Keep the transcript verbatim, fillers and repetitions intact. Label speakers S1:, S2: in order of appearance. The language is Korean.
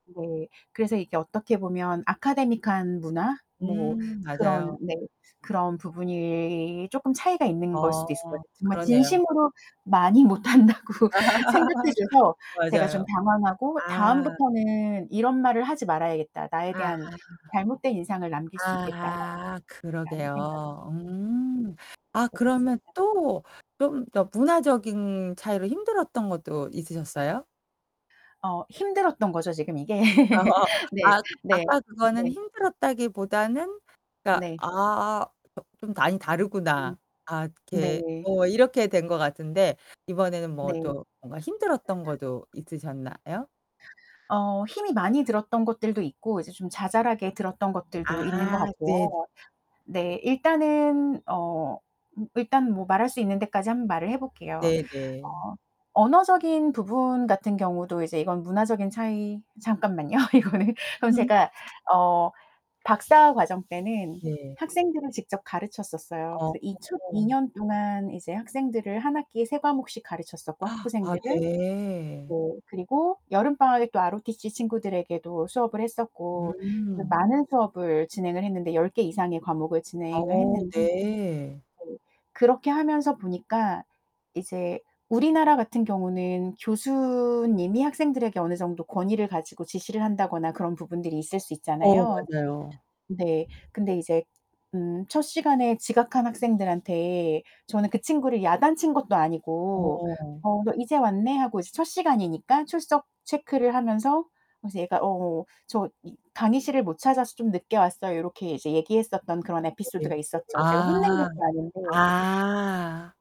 S1: 네, 그래서 이게 어떻게 보면 아카데믹한 문화 뭐
S2: 음
S1: 그런
S2: 맞아요.
S1: 네, 그런 부분이 조금 차이가 있는 걸 수도 있을 것
S2: 아,
S1: 같아요. 정말
S2: 그러네요.
S1: 진심으로 많이 못 한다고 생각해 줘서 제가
S2: 맞아요.
S1: 좀 당황하고
S2: 아.
S1: '다음부터는 이런 말을 하지 말아야겠다. 나에
S2: 아.
S1: 대한 잘못된 인상을 남길 수 있겠다.'
S2: 아,
S1: [unintelligible] 라는 생각이.
S2: 그러게요. 음. 아
S1: 음. [unintelligible]
S2: 그러면 또 좀 더 문화적인 차이로 힘들었던 것도 있으셨어요?
S1: 어 힘들었던 거죠, 지금 이게. 네.
S2: 아
S1: 네.
S2: 아까
S1: 네.
S2: 그거는 힘들었다기 보다는 그니까
S1: 네.
S2: '아, 조 좀 많이
S1: 음.
S2: 다르구나.' 아 이렇게
S1: 네.
S2: 뭐 이렇게 된 거 같은데 이번에는
S1: 네.
S2: 뭐
S1: [unintelligible]
S2: 또 뭔가 힘들었던 거도 있으셨나요?
S1: 어. 힘이 많이 들었던 것들도 있고 이제 좀 자잘하게 들었던 것들도 있는 것
S2: 아 네.
S1: 같고요. 네, 일단은 어, 음 일단 뭐 말할 수 있는 데까지 한번 말을 해 볼게요.
S2: 네 네.
S1: 어, 언어적인 부분 같은 경우도 이제 이건 문화적인 차이 잠깐만요, 이거는 그럼
S2: 음.
S1: 제가 어 박사 과정 때는
S2: 네.
S1: 학생들을 직접 가르쳤었어요.
S2: 어.
S1: 그래서 이 첫 이 년 동안 이제 학생들을 한 학기에 세 과목씩 가르쳤었고,
S2: 아
S1: 학부생들을. 네.
S2: 네.
S1: 그리고 여름 방학에 또 ROTC 친구들에게도 수업을 했었고. 그래서
S2: 음.
S1: 많은 수업을 진행을 했는데 열 개 이상의 과목을 진행을
S2: 어
S1: 했는데
S2: 네.
S1: 네. 그렇게 하면서 보니까 이제 우리나라 같은 경우는 교수님이 학생들에게 어느 정도 권위를 가지고 지시를 한다거나 그런 부분들이 있을 수
S2: 어
S1: 있잖아요.
S2: 맞아요.
S1: 네, 근데 이제 음 첫 시간에 지각한 학생들한테 저는 그 친구를 야단친 것도 아니고
S2: 어.
S1: "어, 너 이제 왔네." 하고 이제 첫 시간이니까 출석 체크를 하면서 그러면서 얘가 "어 어, 저 이 강의실을 못 찾아서 좀 늦게 왔어요." 요렇게 이제 얘기했었던 그런
S2: 네.
S1: 에피소드가 있었죠. 제가 혼낸
S2: 아
S1: 것도 아닌데
S2: 아.